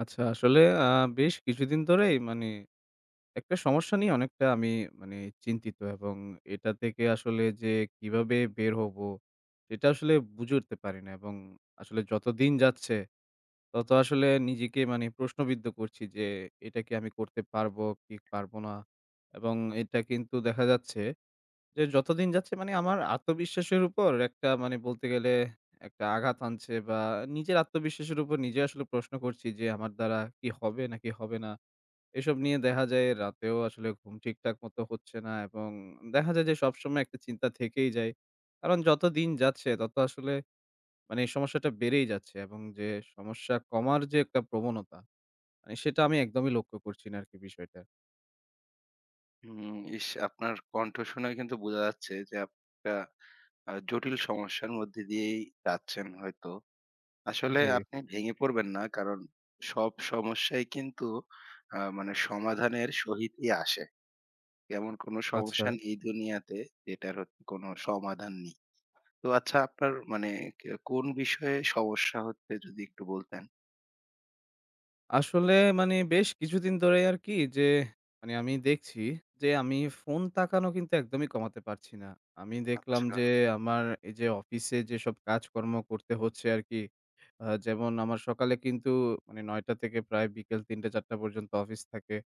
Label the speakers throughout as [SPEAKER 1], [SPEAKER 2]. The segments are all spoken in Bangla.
[SPEAKER 1] আচ্ছা আসলে আ বেশ কিছুদিন ধরেই মানে একটা সমস্যা নিয়ে অনেকটা আমি মানে চিন্তিত। এবং এটা থেকে আসলে যে কিভাবে বের হবো সেটা আসলে বুঝে উঠতে পারি না। এবং আসলে যত দিন যাচ্ছে তত আসলে নিজেকে মানে প্রশ্নবিদ্ধ করছি, যে এটা কি আমি করতে পারবো, কি পারবো না? এবং এটা কিন্তু দেখা যাচ্ছে, যে যত দিন যাচ্ছে মানে আমার আত্মবিশ্বাসের উপর একটা মানে বলতে গেলে একটা আঘাত হানছে। বা নিজের আত্মবিশ্বাসের উপর নিজে আসলে প্রশ্ন করছি, যে আমার দ্বারা কি হবে নাকি হবে না। এসব নিয়ে দেখা যায় রাতেও আসলে ঘুম ঠিকঠাক মতো হচ্ছে না এবং দেখা যায় যে সবসময় একটা চিন্তা থেকেই যায়। কারণ যত দিন যাচ্ছে তত আসলে মানে এই সমস্যাটা বেড়েই যাচ্ছে, এবং যে সমস্যা কমার যে একটা প্রবণতা মানে সেটা আমি একদমই লক্ষ্য করছি না আর কি বিষয়টা।
[SPEAKER 2] হুম, ইস! আপনার কন্ঠ শুনেই কিন্তু বোঝা যাচ্ছে যে, আপ অ্যা আ জটিল সমস্যার মধ্য দিয়েই যাচ্ছেন হয়তো। আসলে
[SPEAKER 1] জি।
[SPEAKER 2] আপনি ভেঙে পড়বেন না। কারণ সব সমস্যাই কিন্তু আ মানে সমাধানের সহিত ই আসে। এমন কোন সমস্যা
[SPEAKER 1] আচ্ছা।
[SPEAKER 2] নেই দুনিয়াতে যেটার হত কোনো সমাধান নেই। তো আচ্ছা, আপনার মানে কে কোন বিষয়ে সমস্যা হচ্ছে যদি একটু বলতেন?
[SPEAKER 1] আসলে, মানে, বেশ কিছুদিন ধরেই আর কি যে, মানে, আমি দেখছি যে আমি ফোন তাকানো কিন্তু একদমই কমাতে পারছি না। আমি দেখলাম
[SPEAKER 2] আচ্ছা।
[SPEAKER 1] যে, আমার এই যে অফিসে যেসব কাজকর্ম করতে হচ্ছে আর কি, আ যেমন আমার সকালে কিন্তু, মানে, ৯টা থেকে প্রায় বিকেল ৩টা-৪টা পর্যন্ত অফিস থাকে।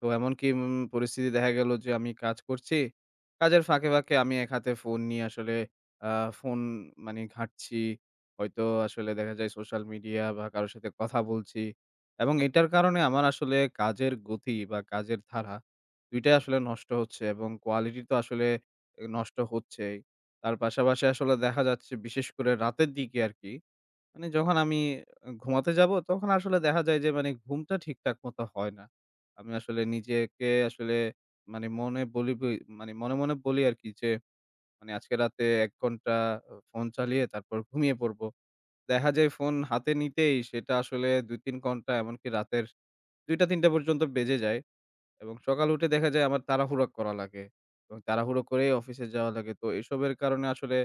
[SPEAKER 1] তো এমনকি, উম পরিস্থিতি দেখা গেল যে, আমি কাজ করছি। কাজের ফাঁকে, ফাঁকে আমি এক হাতে ফোন নিয়ে আসলে আ ফোন, মানে, ঘাঁটছি। হয়তো আসলে দেখা যায় সোশ্যাল মিডিয়া বা কারো সাথে কথা বলছি। এবং এটার কারণে আমার আসলে কাজের গতি বা কাজের ধারা, ২ টাই আসলে নষ্ট হচ্ছে এবং কোয়ালিটি তো আসলে নষ্ট হচ্ছেই। তার পাশাপাশি আসলে দেখা যাচ্ছে, বিশেষ করে রাতের দিকে আর কি, মানে, যখন আমি ঘুমাতে যাব, তখন আসলে দেখা যায় যে, মানে, ঘুমটা ঠিকঠাক মতো হয় না। আমি আসলে নিজেকে, আসলে মানে, মনে বলি বই মানে, মনে মনে বলি আর কি যে, মানে, আজকে রাতে ১ ঘণ্টা ফোন চালিয়ে তারপর ঘুমিয়ে পড়বো। দেখা যায়, ফোন হাতে নিতেই সেটা আসলে ২-৩ ঘণ্টা, এমনকি রাতের ২টা-৩টা পর্যন্ত বেজে যায়। এবং সকাল উঠে দেখা যায়, আমার তাড়াহুড়া করা লাগে এবং তাড়াহুড়ো করেই অফিসে যাওয়া লাগে। তো এসবের কারণে আসলে,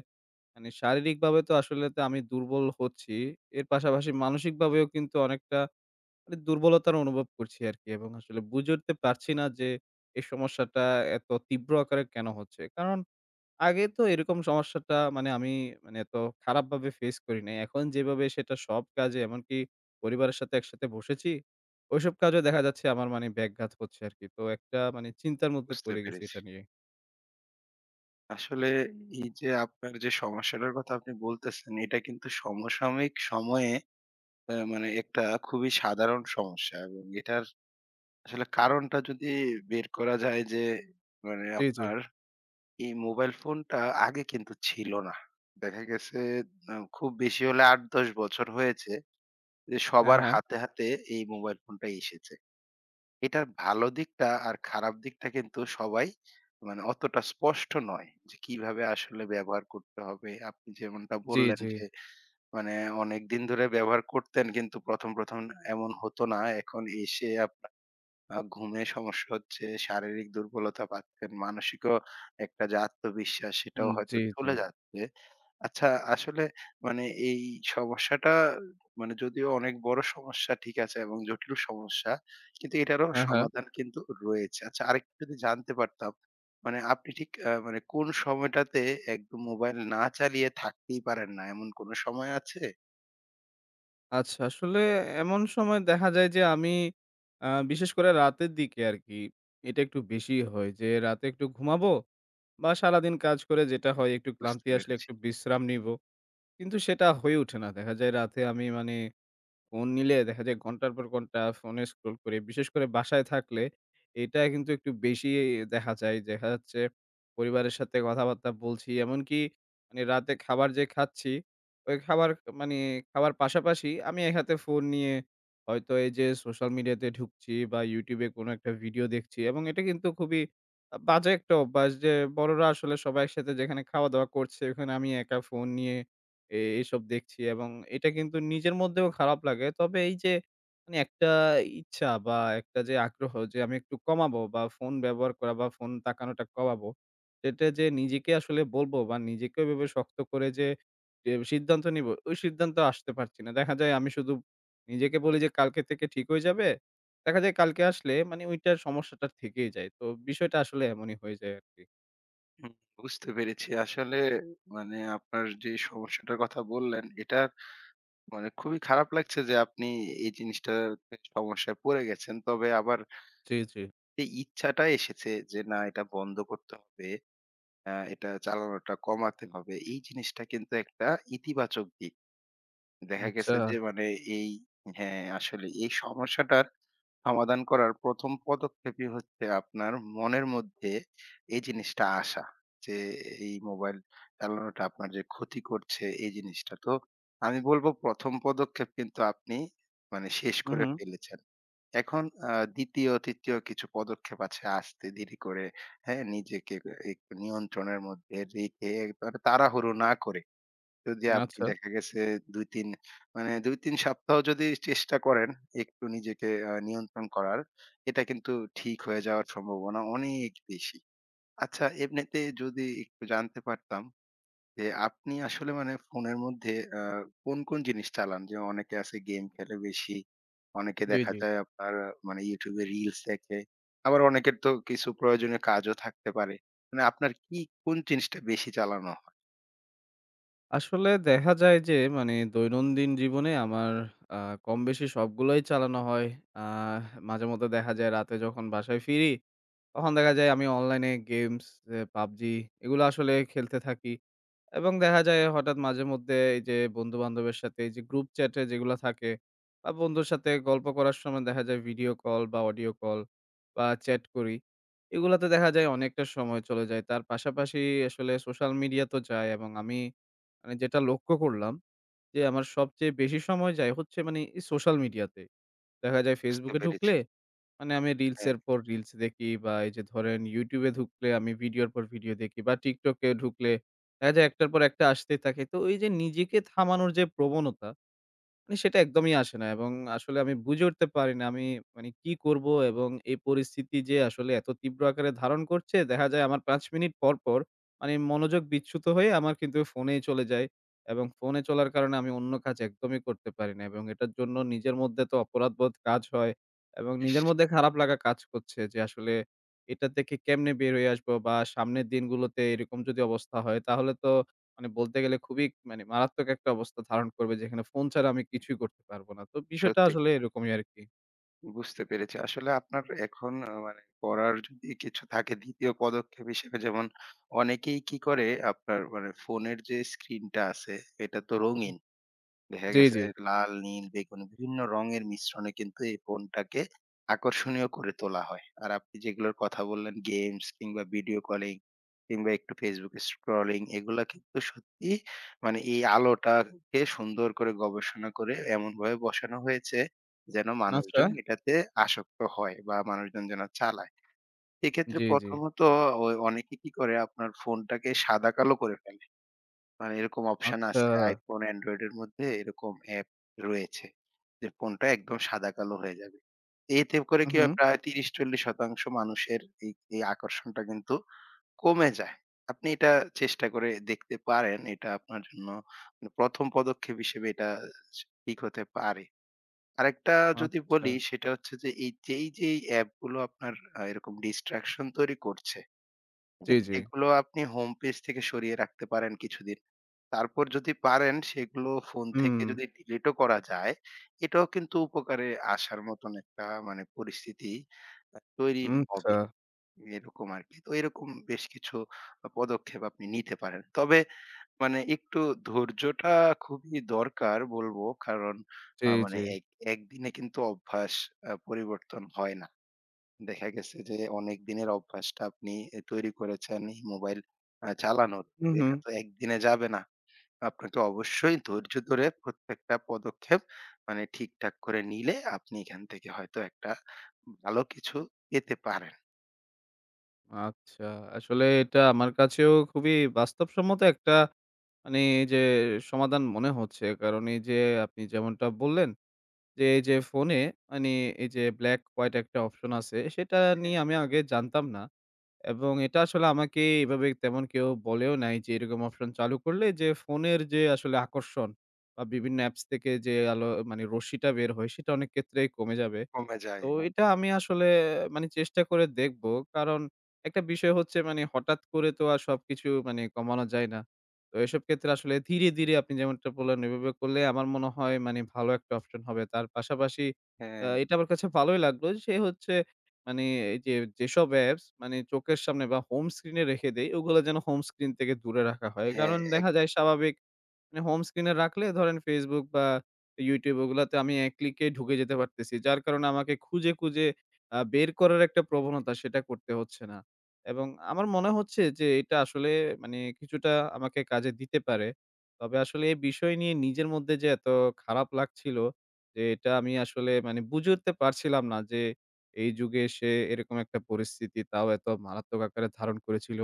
[SPEAKER 1] মানে, শারীরিকভাবে তো আসলে তো আমি দুর্বল হচ্ছি। এর পাশাপাশি মানসিকভাবেও কিন্তু অনেকটা, মানে, দুর্বলতার অনুভব করছি আর কি। এবং আসলে বুঝে উঠতে পারছি না যে, এই সমস্যাটা এত তীব্র আকারে কেন হচ্ছে। কারণ আগে তো এরকম সমস্যাটা, মানে, আমি, মানে, এত খারাপভাবে face করি নাই। এখন যেভাবে সেটা সব কাজে, এমনকি পরিবারের সাথে একসাথে বসেছি, ওইসব কাজেও দেখা যাচ্ছে, আমার, মানে, ব্যাঘাত করছে আর কি। তো একটা, মানে, চিন্তার মধ্যে
[SPEAKER 2] বুঝতে
[SPEAKER 1] পড়ে গেছি
[SPEAKER 2] পেরেছি।
[SPEAKER 1] এটা নিয়ে।
[SPEAKER 2] আসলে এই যে আপনার যে সমস্যাটার কথা আপনি বলতেছেন, এটা কিন্তু সমসাময়িক সময়ে, আ মানে একটা খুবই সাধারণ সমস্যা এবং এটার আসলে কারণটা যদি বের করা যায় যে, মানে
[SPEAKER 1] জ্বী, জ্বী।
[SPEAKER 2] আপনার এই মোবাইল ফোনটা আগে কিন্তু ছিল না। দেখা গেছে ন খুব বেশি হলে ৮ ১০ বছর হয়েছে, যে
[SPEAKER 1] হ্যাঁ,
[SPEAKER 2] সবার
[SPEAKER 1] হ্যাঁ।
[SPEAKER 2] হাতে, হাতে এই মোবাইল ফোনটা এসেছে। এটার ভালো দিকটা আর খারাপ দিকটা কিন্তু সবাই মানে অতটা স্পষ্ট নয়। যে কিভাবে আসলে ব্যবহার করতে হবে আপনি যেমনটা
[SPEAKER 1] জ্বী,
[SPEAKER 2] বললেন
[SPEAKER 1] জ্বী।
[SPEAKER 2] যে, মানে অনেকদিন ধরে ব্যবহার করতেন, কিন্তু ১ম, ১ম এমন হতো না। এখন এসে আপনার আ ঘুমের সমস্যা হচ্ছে, শারীরিক দুর্বলতা পাচ্ছেন, মানসিকও একটা যে আত্মবিশ্বাস, সেটাও
[SPEAKER 1] হুম,
[SPEAKER 2] হয়তো
[SPEAKER 1] জ্বী, জ্বী।
[SPEAKER 2] চলে যাচ্ছে। আচ্ছা, আসলে মানে এই সমস্যাটা মানে যদিও অনেক বড় সমস্যা ঠিক আছে এবং জটিল সমস্যা কিন্তু এটারও
[SPEAKER 1] হ্যাঁ, হ্যাঁ।
[SPEAKER 2] সমাধান কিন্তু রয়েছে। আচ্ছা, আরেকটা যদি জানতে পারতাম মানে আপনি ঠিক আ মানে কোন সময়টাতে একদম মোবাইল না চালিয়ে থাকতেই পারেন না, এমন কোন সময় আছে?
[SPEAKER 1] আচ্ছা আসলে এমন সময় দেখা যায় যে আমি আ বিশেষ করে রাতের দিকে আর কি এটা একটু বেশি হয় যে রাতে একটু ঘুমাবো বা সারাদিন কাজ করে যেটা
[SPEAKER 2] হুম,
[SPEAKER 1] হয় একটু
[SPEAKER 2] বুঝতে
[SPEAKER 1] ক্লান্তি আসলে
[SPEAKER 2] পেরেছি।
[SPEAKER 1] একটু বিশ্রাম নিবো। কিন্তু সেটা হয়ে ওঠে না। দেখা যায় রাতে আমি মানে ফোন নিলে দেখা যায় ঘণ্টার পর ঘণ্টা ফোনে scroll করি। বিশেষ করে বাসায় থাকলে এটা কিন্তু একটু বেশিই দেখা যায়। দেখা যাচ্ছে পরিবারের সাথে কথাবার্তা বলছি এমনকি মানে রাতে খাবার যে খাচ্ছি ঐ খাবার মানে খাবার পাশাপাশি আমি এক হাতে ফোন নিয়ে হয়তো এই যে সোশ্যাল মিডিয়াতে ঢুকছি বা YouTube-এ কোন একটা ভিডিও দেখছি এবং এটা কিন্তু খুবই আ বাজে একটা অভ্যাস যে বড়রা আসলে সবাই একসাথে যেখানে খাওয়া-দাওয়া করছে, ওখানে আমি একা ফোন নিয়ে এ এইসব দেখছি এবং এটা কিন্তু নিজের
[SPEAKER 2] [unintelligible]
[SPEAKER 1] মধ্যেও খারাপ লাগে। তবে এই যে মানে একটা ইচ্ছা বা একটা যে আগ্রহ যে আমি একটু কমাবো বা ফোন ব্যবহার করা বা ফোন তাকানোটা কমাবো সেটা যে নিজেকে আসলে বলবো বা নিজেকে ঐভাবে শক্ত করে যে এ সিদ্ধান্ত নিবো ঐ সিদ্ধান্তে আসতে পারছি না। দেখা যায় আমি শুধু নিজেকে বলি যে কালকে থেকে ঠিক হয়ে যাবে। দেখা যায় কালকে আসলে মানে ঐটার সমস্যাটা থেকেই যায়। তো বিষয়টা আসলে এমনই হয়ে যায় আর কি।
[SPEAKER 2] হুম, বুঝতে পেরেছি। আসলে মানে আপনার যে সমস্যাটার কথা বললেন, এটা মানে খুবই খারাপ লাগছে যে আপনি এই জিনিসটাতে সমস্যায় পড়ে গেছেন। তবে আবার
[SPEAKER 1] জি, জি।
[SPEAKER 2] এই ইচ্ছাটা এসেছে যে না এটা বন্ধ করতে হবে, আ এটা চালানোটা কমাতে হবে এই জিনিসটা কিন্তু একটা ইতিবাচক দিক। দেখা গেছে
[SPEAKER 1] আচ্ছা।
[SPEAKER 2] যে মানে এই হ্যাঁ, আসলে এই সমস্যাটার সমাধান করার ১ম পদক্ষেপই হচ্ছে আপনার মনের মধ্যে এই জিনিসটা আসা, যে এই মোবাইল চালানোটা আপনার যে ক্ষতি করছে এই জিনিসটা। তো আমি বলব ১ম পদক্ষেপ কিন্তু আপনি মানে শেষ
[SPEAKER 1] হুম,
[SPEAKER 2] করে
[SPEAKER 1] হুম।
[SPEAKER 2] ফেলেছেন। এখন আ ২য়, ৩য় কিছু পদক্ষেপ আছে। আস্তে ধীরে করে হ্যাঁ, নিজেকে একটু নিয়ন্ত্রণের মধ্যে রেখে মানে তাড়াহুড়ো না করে যদি আপনি
[SPEAKER 1] আচ্ছা।
[SPEAKER 2] দেখা গেছে ২-৩ মানে ২-৩ সপ্তাহও যদি চেষ্টা করেন একটু নিজেকে আ নিয়ন্ত্রণ করার এটা কিন্তু ঠিক হয়ে যাওয়ার সম্ভাবনা অনেক বেশি। আচ্ছা, এমনিতে যদি একটু জানতে পারতাম, যে আপনি আসলে মানে ফোনের মধ্যে, আ কোন, কোন জিনিস চালান? যেমন অনেকে আছে game খেলে বেশি। অনেকে
[SPEAKER 1] জি,
[SPEAKER 2] দেখা
[SPEAKER 1] জি।
[SPEAKER 2] যায় আপনার মানে YouTube-এ reels দেখে। আবার অনেকের তো কিছু প্রয়োজনীয় কাজও থাকতে পারে। মানে আপনার কি কোন জিনিসটা বেশি চালানো হয়?
[SPEAKER 1] আসলে দেখা যায় যে, মানে, দৈনন্দিন জীবনে আমার আ কম বেশি সবগুলোই চালানো হয়। আ মাঝেমধ্যে দেখা যায়, রাতে যখন বাসায় ফিরি, তখন দেখা যায় আমি অনলাইনে games, অ্যা PUBG, এগুলা আসলে খেলতে থাকি। এবং দেখা যায়, হঠাৎ মাঝেমধ্যে এই যে বন্ধু-বান্ধবের সাথে, এই যে group chat-এ যেগুলা থাকে, আ বন্ধুর সাথে গল্প করার সময় দেখা যায়, video call বা audio call বা chat করি। এগুলাতে দেখা যায় অনেকটা সময় চলে যায়। তার পাশাপাশি আসলে social media তো যায়। এবং আমি, আমি যেটা লক্ষ্য করলাম যে, আমার সবচেয়ে বেশি সময় যায় হচ্ছে, মানে, social media-তে। দেখা যায়,
[SPEAKER 2] বুঝতে
[SPEAKER 1] Facebook-এ
[SPEAKER 2] পেরেছি।
[SPEAKER 1] ঢুকলে, মানে, আমি
[SPEAKER 2] হ্যাঁ।
[SPEAKER 1] reels-এর পর reels দেখি। বা এই যে ধরেন, YouTube-এ ঢুকলে আমি video-র পর video দেখি। বা TikTok-এ ঢুকলে দেখা যায়, একটার পর একটা আসতেই থাকে। তো ওই যে নিজেকে থামানোর যে প্রবণতা, মানে, সেটা একদমই আসে না। এবং আসলে আমি বুঝে উঠতে পারি না, আমি, মানে, কী করব। এবং এই পরিস্থিতি যে আসলে এত তীব্র আকারে ধারণ করছে। দেখা যায়, আমার ৫ মিনিট পর পর, মানে, মনোযোগ বিচ্যুত হয়ে আমার কিন্তু phone-ই চলে যায়। এবং phone-এ চলার কারণে আমি অন্য কাজ একদমই করতে পারি না। এবং এটার জন্য নিজের মধ্যে তো অপরাধবোধ কাজ হয়। এবং নিজের
[SPEAKER 2] ইশ!
[SPEAKER 1] মধ্যে খারাপ লাগা কাজ করছে যে, আসলে এটা থেকে কেমনে বের হয়ে আসব। বা সামনের দিনগুলোতে এরকম যদি অবস্থা হয়, তাহলে তো, মানে, বলতে গেলে খুবই, মানে, মারাত্মক একটা অবস্থা ধারণ করবে, যেখানে phone ছাড়া আমি কিছুই করতে পারব না। তো বিষয়টা
[SPEAKER 2] সত্যি
[SPEAKER 1] আসলে
[SPEAKER 2] কথা।
[SPEAKER 1] এরকমই আরকি।
[SPEAKER 2] বুঝতে পেরেছি। আসলে আপনার এখন ও মানে করার যদি কিছু থাকে ২য় পদক্ষেপ হিসেবে যেমন অনেকেই কি করে, আপনার মানে ফোনের যে screen টা আছে এটা তো
[SPEAKER 1] হুম,
[SPEAKER 2] রঙিন। দেখা
[SPEAKER 1] জি,
[SPEAKER 2] গেছে
[SPEAKER 1] জি।
[SPEAKER 2] লাল, নীল, বেগুনি বিভিন্ন রঙের মিশ্রণে কিন্তু এই phone টাকে আকর্ষণীয় করে তোলা হয়। আর আপনি যেগুলোর কথা বললেন games কিংবা video calling কিংবা একটু Facebook scrolling এগুলা কিন্তু সত্যিই মানে এই আলোটাকে সুন্দর করে গবেষণা করে এমনভাবে বসানো হয়েছে যেন
[SPEAKER 1] আচ্ছা।
[SPEAKER 2] মানুষজন এটাতে আসক্ত হয় বা মানুষজন যেন চালায়। এক্ষেত্রে
[SPEAKER 1] জি, জি।
[SPEAKER 2] প্রথমত ওই অনেকেই কি করে আপনার phone টাকে সাদাকালো করে ফেলে। মানে এরকম option
[SPEAKER 1] আচ্ছা।
[SPEAKER 2] আছে iPhone, Android এর মধ্যে এরকম app রয়েছে যে phone টা একদম সাদাকালো হয়ে যাবে। এতে করে
[SPEAKER 1] হুম,
[SPEAKER 2] কি হয়
[SPEAKER 1] হুম।
[SPEAKER 2] প্রায় ৩০-৪০% মানুষের এই, এই আকর্ষণটা কিন্তু কমে যায়। আপনি এটা চেষ্টা করে দেখতে পারেন এটা আপনার জন্য মানে ১ম পদক্ষেপ হিসেবে এটা ঠিক হতে পারে। আরেকটা যদি বলি
[SPEAKER 1] আচ্ছা।
[SPEAKER 2] সেটা হচ্ছে যে এই যেই, যেই app গুলো আপনার আ এরকম distraction তৈরি করছে,
[SPEAKER 1] জি,
[SPEAKER 2] হ্যাঁ?
[SPEAKER 1] জি।
[SPEAKER 2] এগুলো আপনি homepage থেকে সরিয়ে রাখতে পারেন কিছুদিন। তারপর যদি পারেন সেগুলো phone থেকে
[SPEAKER 1] হুম।
[SPEAKER 2] যদি delete ও করা যায় এটাও কিন্তু উপকারে আসার মতন একটা মানে পরিস্থিতি আ তৈরি
[SPEAKER 1] উম আচ্ছা।
[SPEAKER 2] হবে, এরকম আরকি। তো এরকম বেশ কিছু পদক্ষেপ আপনি নিতে পারেন। তবে মানে একটু ধৈর্যটা খুবই দরকার বলব কারণ
[SPEAKER 1] জি,
[SPEAKER 2] আ
[SPEAKER 1] জি।
[SPEAKER 2] মানে এক একদিনে কিন্তু অভ্যাস আ পরিবর্তন হয় না। দেখা গেছে যে অনেক দিনের অভ্যাসটা আপনি এ তৈরি করেছেন এই mobile আ চালানোর
[SPEAKER 1] হুম, হুম।
[SPEAKER 2] এটা তো ১ দিনে যাবে না। আপনাকে অবশ্যই ধৈর্য ধরে প্রত্যেকটা পদক্ষেপ মানে ঠিকঠাক করে নিলে, আপনি এখান থেকে হয়তো একটা ভালো কিছু পেতে পারেন।
[SPEAKER 1] আচ্ছা, আসলে এটা আমার কাছেও খুবই বাস্তবসম্মত একটা, মানে, এই যে সমাধান মনে হচ্ছে। কারণ এই যে আপনি যেমনটা বললেন যে, এই যে phone-এ, মানে, এই যে black white একটা option আছে, সেটা
[SPEAKER 2] হ্যাঁ।
[SPEAKER 1] নিয়ে আমি আগে জানতাম না। এবং এটা আসলে আমাকে এভাবে তেমন কেউ বলেও নাই যে, এরকম option চালু করলে যে phone-এর যে আসলে আকর্ষণ বা বিভিন্ন apps থেকে যে আলো, মানে, রশ্মিটা বের হয়, সেটা অনেক ক্ষেত্রেই কমে যাবে।
[SPEAKER 2] কমে যায়,
[SPEAKER 1] তো
[SPEAKER 2] হ্যাঁ।
[SPEAKER 1] এটা আমি আসলে, মানে, চেষ্টা করে দেখব। কারণ একটা বিষয় হচ্ছে, মানে, হঠাৎ করে তো আর সবকিছু, মানে, কমানো যায় না। তো এসব ক্ষেত্রে আসলে ধীরে, ধীরে আপনি যেমনটা বললেন, ওইভাবে করলে আমার মনে হয়, মানে, ভালো একটা option হবে। তার পাশাপাশি আ
[SPEAKER 2] হ্যাঁ।
[SPEAKER 1] এটা আমার কাছে ভালোই লাগলো, সে হচ্ছে, মানে, এই যে যেসব apps, মানে, চোখের সামনে বা home screen-এ রেখে দেই, ওগুলো যেন home screen থেকে দূরে রাখা হয়।
[SPEAKER 2] হ্যাঁ,
[SPEAKER 1] কারণ দেখা যায়,
[SPEAKER 2] একদম।
[SPEAKER 1] স্বাভাবিক, মানে, home screen-এ রাখলে, ধরেন, Facebook বা YouTube, ওগুলাতে আমি এক click-এ ঢুকে যেতে পারতেছি। যার কারণে আমাকে খুঁজে খুঁজে আ বের করার একটা প্রবণতা, সেটা করতে হচ্ছে না। এবং আমার মনে হচ্ছে যে, এটা আসলে, মানে, কিছুটা আমাকে কাজে দিতে পারে। তবে আসলে এই বিষয় নিয়ে নিজের মধ্যে যে এত খারাপ লাগছিল, যে এটা আমি আসলে, মানে, বুঝে উঠতে পারছিলাম না যে, এই যুগে এসে এরকম একটা পরিস্থিতি, তাও এত মারাত্মক আকারে ধারণ করেছিল।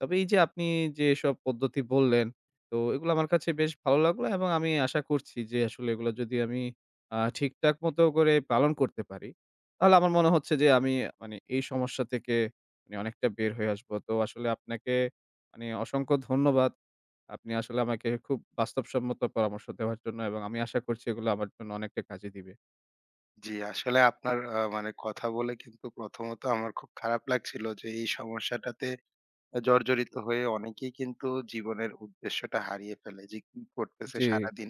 [SPEAKER 1] তবে এই যে আপনি যেসব পদ্ধতি বললেন, তো ওগুলা আমার কাছে বেশ ভালো লাগলো। এবং আমি আশা করছি যে, আসলে এগুলো যদি আমি আ ঠিকঠাক মতো করে পালন করতে পারি, তাহলে আমার মনে হচ্ছে যে, আমি, মানে, এই সমস্যা থেকে, মানে, অনেকটা বের হয়ে আসব। তো আসলে আপনাকে, মানে, অসংখ্য ধন্যবাদ। আপনি আসলে আমাকে খুব বাস্তবসম্মত পরামর্শ দেওয়ার জন্য। এবং আমি আশা করছি, এগুলো আমার জন্য অনেকটা কাজে দিবে।
[SPEAKER 2] জি, আসলে আপনার, আ মানে, কথা বলে কিন্তু প্রথমত আমার খুব খারাপ লাগছিল যে, এই সমস্যাটাতে জড়জড়িত হয়ে অনেকেই কিন্তু জীবনের উদ্দেশ্যটা হারিয়ে ফেলে, যে কি করতেছে
[SPEAKER 1] জি।
[SPEAKER 2] সারাদিন,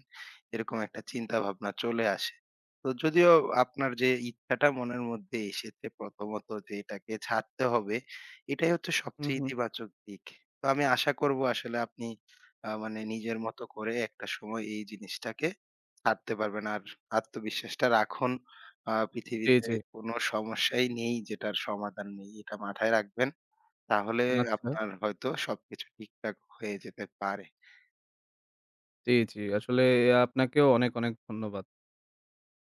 [SPEAKER 2] এরকম একটা চিন্তাভাবনা চলে আসে। তো যদিও আপনার যে ইচ্ছাটা মনের মধ্যে এসেছে, প্রথমত, যে এটাকে ছাড়তে হবে, এটাই হচ্ছে
[SPEAKER 1] হু,
[SPEAKER 2] সবচেয়ে
[SPEAKER 1] হু।
[SPEAKER 2] ইতিবাচক দিক। তো আমি আশা করব, আসলে আপনি, আ মানে, নিজের মত করে একটা সময় এই জিনিসটাকে ছাড়তে পারবেন। আর আত্মবিশ্বাসটা রাখুন। আ
[SPEAKER 1] জি,
[SPEAKER 2] পৃথিবীতে
[SPEAKER 1] জি।
[SPEAKER 2] কোনো সমস্যাই নেই, যেটার সমাধান নেই। এটা মাথায় রাখবেন। তাহলে
[SPEAKER 1] আচ্ছা।
[SPEAKER 2] আপনার হয়তো সবকিছু ঠিকঠাক হয়ে যেতে পারে।
[SPEAKER 1] জি, জি আসলে এই আপনাকেও অনেক, অনেক ধন্যবাদ।